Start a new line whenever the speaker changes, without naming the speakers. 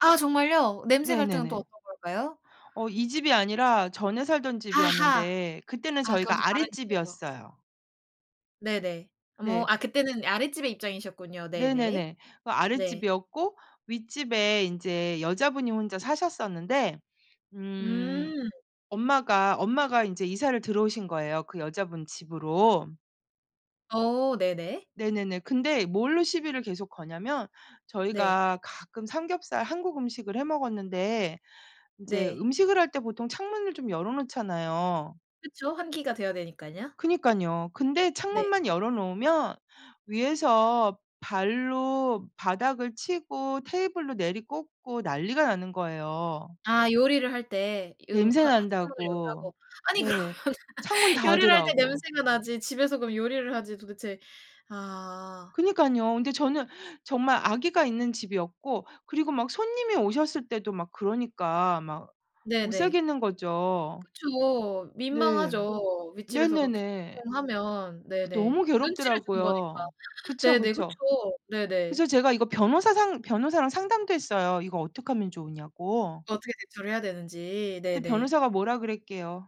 아 정말요? 냄새 갈등은 또
네네네.
어떤 걸까요?
어. 이 집이 아니라 전에 살던
아하.
집이었는데 그때는
아 그건 또
저희가
다른 집에서.
아랫집이었어요.
네네. 어머
네.
아 그때는 아랫집의 입장이셨군요. 네네.
네네네. 그
네.
아랫집이었고 윗집에 인제 여자분이 혼자 사셨었는데 음
음.
엄마가 엄마가 인제 이사를 들어오신 거예요 그 여자분 집으로.
어. 네네.
네네네. 근데 뭘로 시비를 계속 거냐면
네.
저희가 가끔 삼겹살 한국 음식을 해 먹었는데 인제
네.
음식을 할 때 보통 창문을 좀 열어 놓잖아요.
그쵸? 환기가 돼야 되니깐요.
그러니깐요. 근데
네.
창문만 열어 놓으면 위에서 발로 바닥을 치고 테이블로 내리꽂고 난리가 나는 거예요.
아. 요리를 할 때 이 음
냄새
화 화 창문을
난다고.
연다고 아니 그러면은
네. 창문
요리를 할 때
닫으라고.
냄새가 나지 집에서 그럼 요리를 하지 도대체 아.
그러니깐요. 근데 저는 정말 아기가 있는 집이었고 그리고 막 손님이 오셨을 때도 막 그러니까 막 못
네네.
살겠는 거죠.
그쵸.
네.
민망하죠. 윗집에서 그렇게
네네네.
[unintelligible] 하면
그래서
네네.
너무
눈치를 준 거니까.
괴롭더라고요. 그쵸,
네네.
그쵸.
그쵸. 네네.
그래서 제가 이거 변호사 상 변호사랑 상담도 했어요 이거 어떡하면 좋으냐고.
어떻게 대처를 해야 되는지
그때
네네.
변호사가 뭐라 그랬게요?